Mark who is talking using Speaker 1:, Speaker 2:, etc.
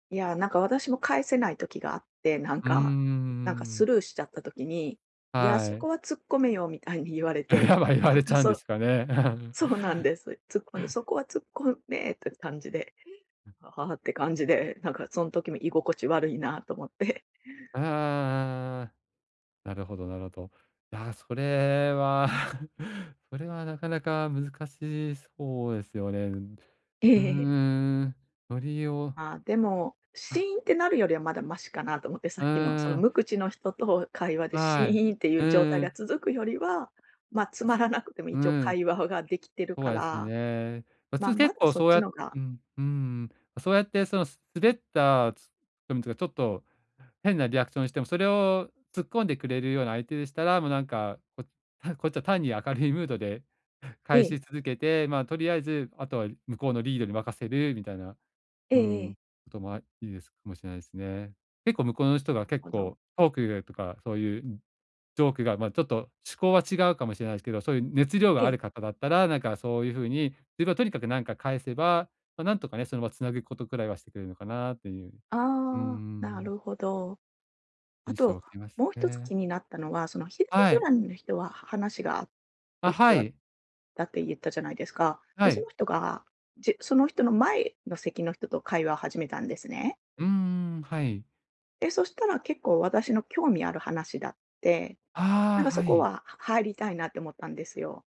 Speaker 1: いや、なんか、私も返せない時があって、なん
Speaker 2: うーん、う
Speaker 1: か、なんか、
Speaker 2: うー
Speaker 1: ス
Speaker 2: ん。
Speaker 1: ルーしちゃった時に、「いや、そ
Speaker 2: は
Speaker 1: こ
Speaker 2: い。
Speaker 1: は突っ込めよ」みたいに言われ
Speaker 2: や
Speaker 1: て、
Speaker 2: っぱ言わ
Speaker 1: なん
Speaker 2: れち
Speaker 1: か、
Speaker 2: ゃうんで
Speaker 1: そ
Speaker 2: すかね。
Speaker 1: そうなんです。突っ込んで。「そこは突っ込め！」って感じで、「あはは」って感じで、なんか、そん時、み居心地悪いなと思って。
Speaker 2: ああああああああ。なるほど、なるほど。いや、それは、それは、なかなか難しそうですよね、うん、
Speaker 1: え
Speaker 2: う
Speaker 1: ええ。
Speaker 2: ーん。とりを
Speaker 1: ああ、でも、シ
Speaker 2: あ。
Speaker 1: ーンってなるよりはまだマシかなと思って。さ
Speaker 2: う
Speaker 1: っきの、そ
Speaker 2: ー
Speaker 1: の無
Speaker 2: ん。
Speaker 1: 口の人と会話でシ
Speaker 2: は
Speaker 1: ーンって言
Speaker 2: い。う
Speaker 1: う状
Speaker 2: ん、
Speaker 1: 態
Speaker 2: う
Speaker 1: が
Speaker 2: ん。
Speaker 1: 続くよりは、ま、つ
Speaker 2: た
Speaker 1: ま
Speaker 2: し
Speaker 1: らなくても
Speaker 2: う
Speaker 1: 一応
Speaker 2: ん。
Speaker 1: 会話はが出来てる
Speaker 2: そ
Speaker 1: か
Speaker 2: うです
Speaker 1: ら、
Speaker 2: ね。あ、
Speaker 1: ま、
Speaker 2: つ
Speaker 1: ま
Speaker 2: 結
Speaker 1: だ
Speaker 2: 構、
Speaker 1: そっ
Speaker 2: そう
Speaker 1: ち
Speaker 2: や
Speaker 1: のが
Speaker 2: うん、うーん、そうやって、その、す滑ったつでもちがちょっと変なリアクションしても、それを突っ込んでくれるような相手でしたら、も、なんか、ここっちは単に明るいムードで
Speaker 1: え
Speaker 2: 返
Speaker 1: え。
Speaker 2: し続けて、まあ、取り合えず、あとは、い向こうのリードに任せるみたいな、
Speaker 1: え
Speaker 2: う
Speaker 1: え、え
Speaker 2: ん、
Speaker 1: え。
Speaker 2: 事も、あ、いいですかもしれないすね。結構向こうの人が、
Speaker 1: なっ
Speaker 2: 結
Speaker 1: ほ
Speaker 2: 構
Speaker 1: ど。
Speaker 2: トーク意外とか、そう言う、ん、ジョークが、まあ、ちょっと趣向は違うかもしれないすけど、そう言う熱量
Speaker 1: え
Speaker 2: があ
Speaker 1: え。
Speaker 2: る方だったら、なんか、そうゆう風に、自分はとにかく、なんか返せば、ま、なんとかね、その、ま、つなぐ事くらいはしてくれるのかなと言ううー
Speaker 1: ああ、な
Speaker 2: ん。
Speaker 1: るほど。あ
Speaker 2: 印象
Speaker 1: と、
Speaker 2: 受けます
Speaker 1: もう一つ
Speaker 2: ね。
Speaker 1: 気になったのは、その左
Speaker 2: はい。
Speaker 1: 隣の人は、は話が合う
Speaker 2: あ、
Speaker 1: 人
Speaker 2: は
Speaker 1: だっ
Speaker 2: い。
Speaker 1: たってゆったじゃないですか。で、
Speaker 2: は
Speaker 1: そ
Speaker 2: い。
Speaker 1: の人が、じその人の前の席の人と会話始めたんですね。
Speaker 2: うんうんうん、はい。
Speaker 1: で、そしたら結構、私の興味ある話だって、なん
Speaker 2: あ
Speaker 1: か、
Speaker 2: あ、
Speaker 1: そ
Speaker 2: は
Speaker 1: こ
Speaker 2: い。
Speaker 1: は、は入りたいなって思ったんですよ。